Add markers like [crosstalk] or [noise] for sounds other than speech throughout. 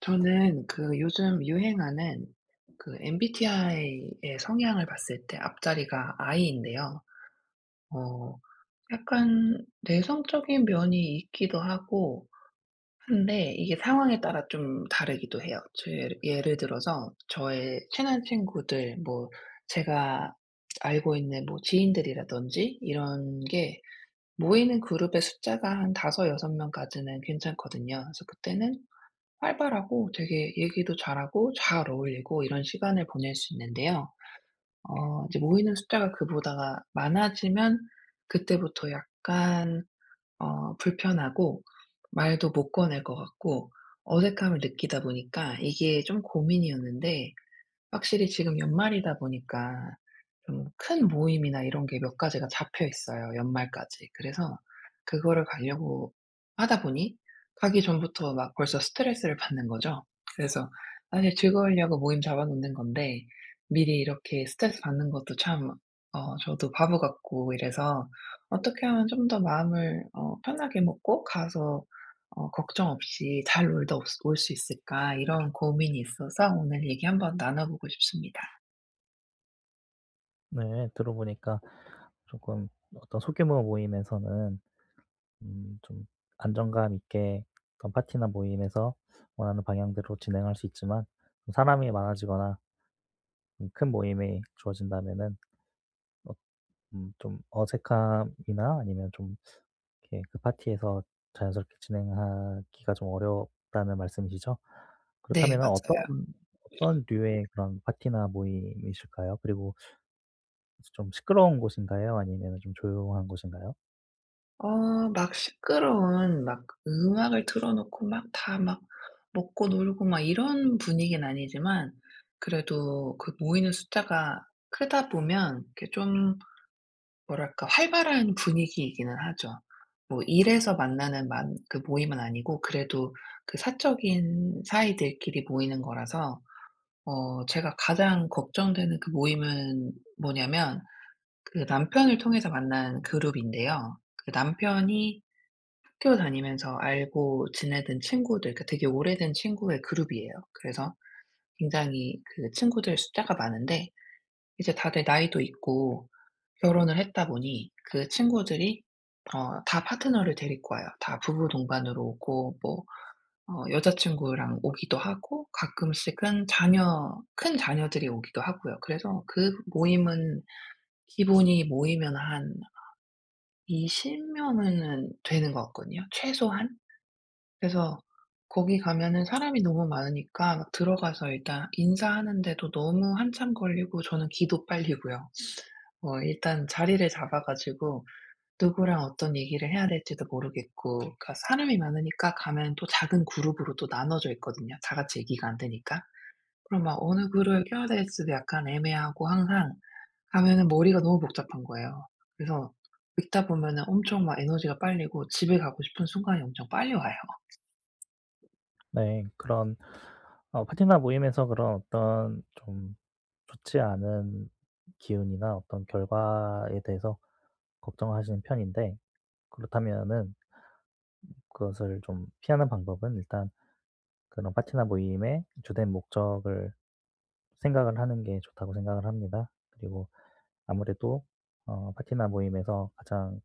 저는 그 요즘 유행하는 그 MBTI의 성향을 봤을 때 앞자리가 I인데요. 어 약간 내성적인 면이 있기도 하고 한데 이게 상황에 따라 좀 다르기도 해요. 저 예르 예를 들어서 저의 친한 친구들 뭐 제가 알고 있는 뭐 지인들이라든지 이런 게 모이는 그룹의 숫자가 한 5 6 명까지는 괜찮거든요. 그래서 그때는 활발하고 되게 얘기도 잘하고 잘 어울리고 이런 시간을 보낼 수 있는데요. 어 이제 모이는 숫자가 그보다 많아지면 그때부터 약간 어 불편하고 말도 못 꺼낼 것 같고 어색함을 느끼다 보니까 이게 좀 고민이었는데 확실히 지금 연말이다 보니까 좀 큰 모임이나 이런 게 몇 가지가 잡혀 있어요 연말까지. 그래서 그거를 가려고 하다 보니 가기 전부터 막 벌써 스트레스를 받는 거죠. 그래서 사실 즐거우려고 모임 잡아 놓는 건데 미리 이렇게 스트레스 받는 것도 참 어 저도 바보 같고 이래서 '어떻게 하면 좀 더 마음을 어 편하게 먹고 가서 어 걱정 없이 잘 놀다 올 스 올 수 있을까?' 이런 고민이 있어서 오늘 얘기 한번 나눠 보고 싶습니다. 네 들어보니까 쪼끔 어떤 소규모 모임에서는 음 좀 안정감 있게 어떤 파티나 모임에서 원하는 방향대로 진행할 수 있지만 좀 사람이 많아지거나 음 큰 모임이 주어진다면은 어 음 좀 어색함이나 아니면 좀 이렇게 그 파티에서 자연스럽게 진행하기가 좀 어렵다는 말씀이시죠? 네 그렇다면은 어떤 맞아요. [sniffs] 어떤 류의 그런 파티나 모임이실까요? 그리고 그래서 좀 시끄러운 곳인가요? 아니면은 좀 조용한 곳인가요? 어 막 시끄러운 막 음악을 틀어 놓고 막 다 막 먹고 놀고 막 이런 분위기는 아니지만 그래도 그 모이는 숫자가 크다 보면 이렇게 좀 뭐랄까 활발한 분위기이기는 하죠. 뭐 일에서 만나는 만 그 모임은 아니고 그래도 그 사적인 사이들끼리 모이는 거라서 어 제가 가장 걱정되는 그 모임은 뭐냐하면 그 남편을 통해서 만난 그룹인데요. 그 남편이 학교 다니면서 알고 지내던 친구들 그 되게 오래된 친구의 그룹이에요. 그래서 굉장히 그 친구들 숫자가 많은데 이제 다들 나이도 있고 결혼을 했다 보니 그 친구들이 어 다 파트너를 데리고 와요. 다 부부동반으로 오고 뭐 어 여자친구랑 오기도 하고 가끔씩은 자녀 큰 자녀들이 오기도 하고요. 그래서 그 모임은 기본이 모이면 한 20 명은 되는 것 같거든요 최소한. 그래서 거기 가면은 사람이 너무 많으니까 들어가서 일단 인사하는데도 너무 한참 걸리고 저는 기도 빨리고요. 어 일단 자리를 잡아 가지고 누구랑 어떤 얘기를 해야 될지도 모르겠고 그러니까 사람이 많으니까 가면 또 작은 그룹으로 또 나눠져 있거든요 다같이 얘기가 안 되니까. 그럼 막 어느 그룹에 껴야 될지도 약간 애매하고 항상 가면은 머리가 너무 복잡한 거예요. 그래서 있다 보면은 엄청 막 에너지가 빨리고 집에 가고 싶은 순간이 엄청 빨리 와요. 네 그런 어 파티나 모임에서 그런 어떤 좀 좋지 않은 기운이나 어떤 결과에 대해서 걱정하시는 편인데 그렇다면은 음 그것을 좀 피하는 방법은 일단 그런 파티나 모임의 주된 목적을 생각을 하는 게 좋다고 생각을 합니다. 그리고 아무래도 어 파티나 모임에서 가장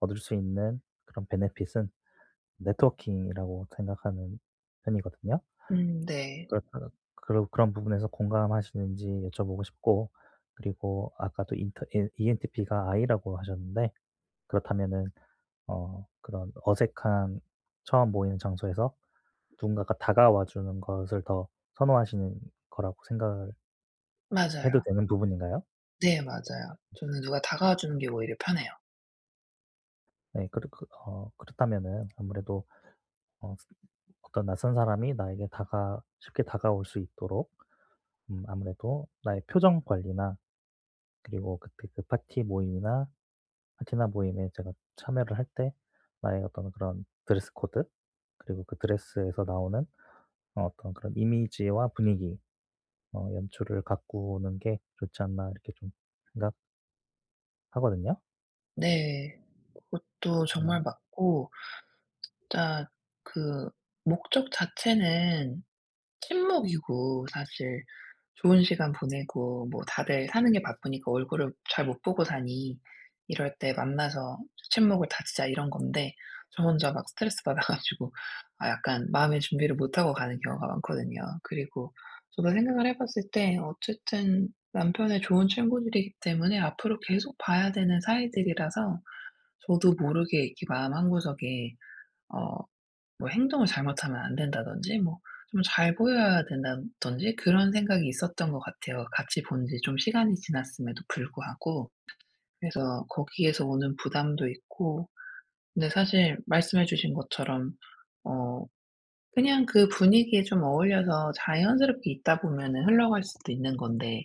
얻을 수 있는 그런 베네핏은 네트워킹이라고 생각하는 편이거든요. 음 네. 그렇다면 그런 그런 부분에서 공감하시는지 여쭤보고 싶고 그리고 아까도 인터 이 이엔티피가 I라고 하셨는데 그렇다면은 어 그런 어색한 처음 모이는 장소에서 누군가가 다가와 주는 것을 더 선호하시는 거라고 생각 해도 맞아요. 되는 부분인가요? 네 맞아요. 저는 누가 다가와 주는 게 오히려 편해요. 네. 그렇 그 어 그렇다면은 아무래도 어 아까 어떤 낯선 사람이 나에게 다가 쉽게 다가올 수 있도록 음 아무래도 나의 표정 관리나 그리고 그때 그 파티 모임이나 파티나 모임에 제가 참여를 할 때 나의 어떤 그런 드레스 코드 그리고 그 드레스에서 나오는 어 어떤 그런 '이미지와 분위기 어 연출을 가꾸는 게 좋지 않나.' 이렇게 좀 생각 하거든요. 네. 그것도 음. 정말 맞고 진짜 그 목적 자체는 친목이고 사실 좋은 시간 보내고 뭐 다들 사는 게 바쁘니까 얼굴을 잘 못 보고 사니 "이럴 때 만나서 친목을 다지자." 이런 건데 저 혼자 막 스트레스 받아 가지고 아 약간 마음의 준비를 못 하고 가는 경우가 많거든요. 그리고 저도 생각을 해 봤을 때 어쨌든 남편의 좋은 친구들이기 때문에 앞으로 계속 봐야 되는 사이들이라서 저도 모르게 이렇게 마음 한구석에 어 뭐 '행동을 잘못하면 안 된다.'든지 뭐 좀 '잘 보여야 된다.'든지 그런 생각이 있었던 것 같아요. 같이 본 지 좀 시간이 지났음에도 불구하고. 그래서 거기에서 오는 부담도 있고. 근데 사실 말씀해 주신 것처럼 어 그냥 그 분위기에 좀 어울려서 자연스럽게 있다 보면은 흘러갈 수도 있는 건데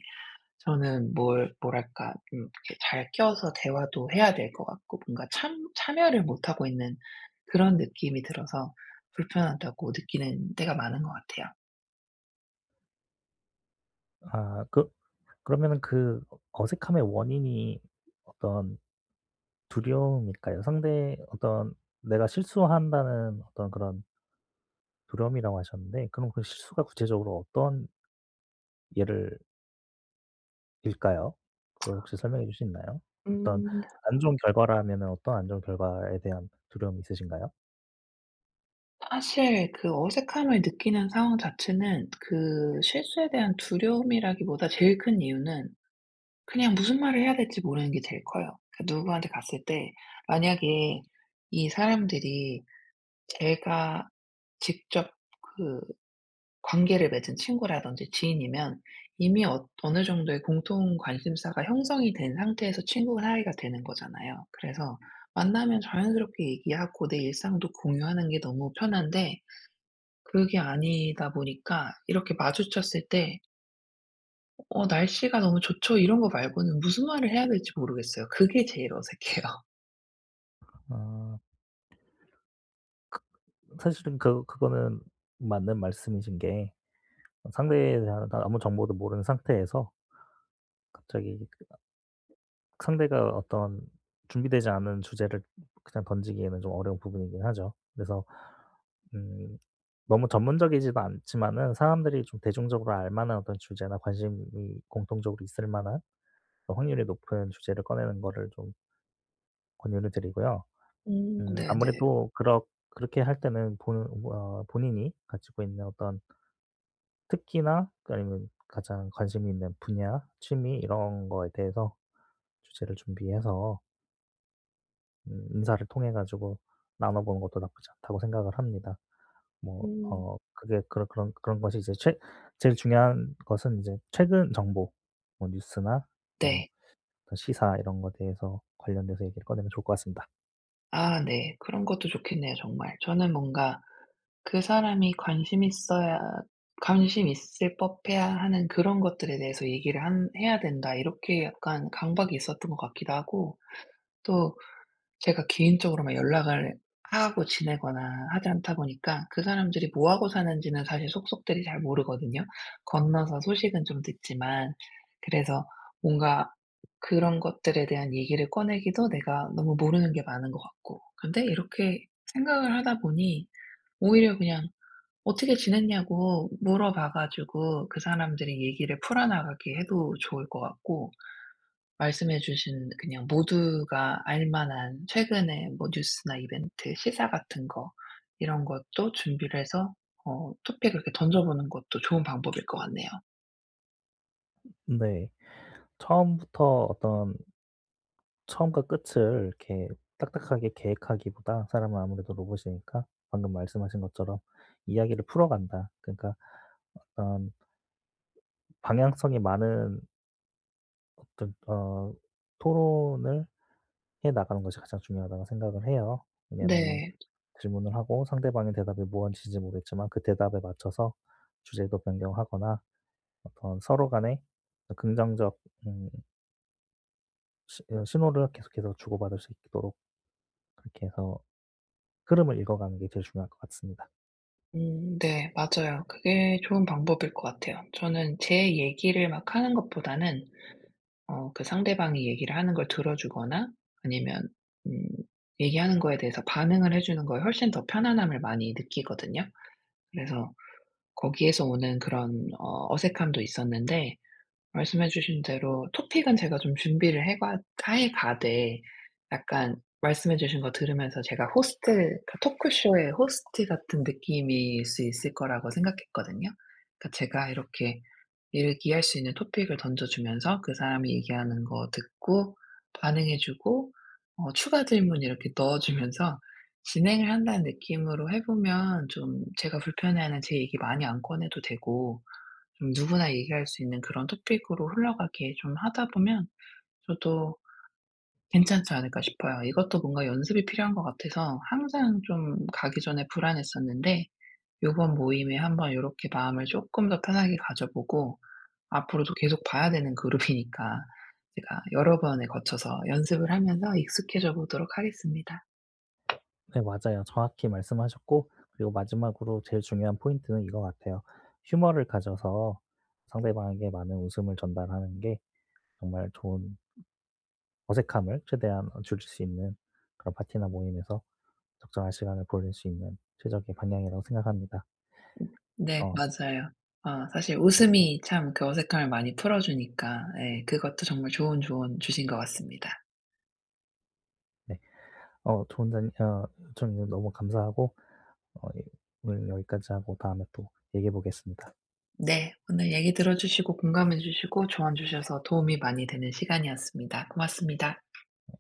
저는 뭘 뭐랄까 음 이렇게 잘 껴서 대화도 해야 될 것 같고 뭔가 참 참여를 못하고 있는 그런 느낌이 들어서 '불편하다.'고 느끼는 때가 많은 것 같아요. 아 그 그러면은 그 어 어색함의 원인이 어떤 두려움일까요? 상대의 어떤 "내가 실수한다는 어떤 그런" "두려움"이라고 하셨는데 그럼 그 실수가 구체적으로 어떤 예를 일까요? 그걸 [smacks lips] 혹시 설명해 줄 수 있나요? 어떤 음. 안 좋은 결과라면은 어떤 안 좋은 결과에 대한 두려움이 있으신가요? 사실 그 어색함을 느끼는 상황 자체는 그 실수에 대한 두려움이라기 보다 제일 큰 이유는 그냥 무슨 말을 해야 될지 모르는 게 제일 커요. 그 누구한테 갔을 때 만약에 이 사람들이 제가 직접 그 관계를 맺은 친구라든지 지인이면 이미 엇 어느 정도의 공통 관심사가 형성이 된 상태에서 친구 사이가 되는 거잖아요. 그래서 만나면 자연스럽게 얘기하고 내 일상도 공유하는 게 너무 편한데 그게 아니다 보니까 이렇게 마주쳤을 때 어 어 "날씨가 너무 좋죠." 이런 거 말고는 무슨 말을 해야 될지 모르겠어요. 그게 제일 어색해요. 아. 그 사실은 그 그거는 맞는 말씀이신 게 상대에 대한 아무 정보도 모르는 상태에서 갑자기 그 아 상대가 어떤 준비되지 않은 주제를 그냥 던지기에는 좀 어려운 부분이긴 하죠. 그래서 음 너무 전문적이지도 않지만은 사람들이 좀 대중적으로 알 만한 어떤 주제나 관심이 공통적으로 있을 만한 어 확률이 높은 주제를 꺼내는 거를 좀 권유를 드리고요. 음 음 네네. 아무래도 그렇 그렇게 할 때는 본 뭐야 본인이 가지고 있는 어떤 특기나 그 아니면 가장 관심이 있는 분야, 취미 이런 거에 대해서 주제를 준비해서 음 '인사를 통해 가지고 나눠보는 것도 나쁘지 않다.'고 생각을 합니다. 뭐 음. 어 그게 그런 그런 그런 것이 이제 최 제일 중요한 것은 이제 최근 정보 뭐 뉴스나 뭐 네. 시사 이런 거 대해서 관련돼서 얘기를 꺼내면 좋을 것 같습니다. 아 네. 그런 것도 좋겠네요 정말. 저는 뭔가 '그 사람이 관심 있어야 관심 있을 법해야 하는 그런 것들에 대해서 얘기를 한 해야 된다.' 이렇게 약간 강박이 있었던 것 같기도 하고 또 제가 개인적으로 막 연락을 하고 지내거나 하지 않다 보니까 그 사람들이 뭐하고 사는지는 사실 속속들이 잘 모르거든요. 건너서 소식은 좀 듣지만 그래서 뭔가 그런 것들에 대한 얘기를 꺼내기도 내가 너무 모르는 게 많은 것 같고. 근데 이렇게 생각을 하다 보니 오히려 그냥 어떻게 지냈냐고 물어봐 가지고 그 사람들이 얘기를 풀어나가게 해도 좋을 것 같고. 말씀해 주신 그냥 모두가 알 만한 최근에 뭐 뉴스나 이벤트, 시사 같은 거 이런 것도 준비를 해서 어 토픽을 이렇게 던져 보는 것도 좋은 방법일 것 같네요. 네. 처음부터 어떤 처음과 끝을 이렇게 딱딱하게 계획하기보다 사람은 아무래도 로봇이 아니니까 방금 말씀하신 것처럼 '이야기를 풀어간다.' 그러니까 어떤 방향성이 많은 어떤 어 '토론을 해 나가는 것이 가장 중요하다.'고 생각을 해요. 왜냐하면 네. 질문을 하고 상대방의 대답이 무언지 잘 모르겠지만 그 대답에 맞춰서 주제도 변경하거나 어떤 서로 간에 어떤 긍정적 음 신 어 신호를 계속해서 주고받을 수 있도록 그렇게 해서 흐름을 읽어 가는 게 제일 중요할 것 같습니다. 음 네 맞아요. 그게 좋은 방법일 것 같아요. 저는 제 얘기를 막 하는 것보다는 어 그 상대방이 얘기를 하는 걸 들어 주거나 아니면 음 얘기하는 거에 대해서 반응을 해 주는 거에 훨씬 더 편안함을 많이 느끼거든요. 그래서 거기에서 오는 그런 어 어색함도 있었는데 말씀해 주신 대로 토픽은 제가 좀 준비를 해 봐 해 가되 약간 말씀해 주신 거 들으면서 제가 호스트 토크쇼의 호스트 같은 느낌일 수 있을 거라고 생각했거든요. 그러니까 제가 이렇게 이야기할 수 있는 토픽을 던져 주면서 그 사람이 얘기하는 거 듣고 반응해 주고 어 추가 질문 이렇게 넣어 주면서 진행을 한다는 느낌으로 해 보면 좀 제가 불편해하는 제 얘기 많이 안 꺼내도 되고 좀 누구나 얘기할 수 있는 그런 토픽으로 흘러가게 좀 하다 보면 저도 괜찮지 않을까 싶어요. 이것도 뭔가 연습이 필요한 것 같아서 항상 좀 가기 전에 불안했었는데 요번 모임에 한번 요렇게 마음을 쪼끔 더 편하게 가져 보고 앞으로도 계속 봐야 되는 그룹이니까 제가 여러 번에 거쳐서 연습을 하면서 익숙해져 보도록 하겠습니다. 네 맞아요. 정확히 말씀하셨고 그리고 마지막으로 제일 중요한 포인트는 이거 같아요. Humor를 가져서 상대방에게 많은 웃음을 전달하는 게 정말 좋은 어색함을 최대한 어 줄일 수 있는 그런 파티나 모임에서 적정한 시간을 보낼 수 있는 최적의 방향이라고 생각합니다. [swallows] 네 어. 맞아요. 어 사실 웃음이 참 그 어색함을 많이 풀어 주니까 예 그것도 정말 좋은 조언 주신 것 같습니다. 네. 어 좋은 자리 어 좀 여 너무 감사하고 어 예 오늘 여기까지 하고 다음에 또 얘기해 보겠습니다. 네 오늘 얘기 들어주시고 공감해 주시고 조언 주셔서 도움이 많이 되는 시간이었습니다. 고맙습니다. 예.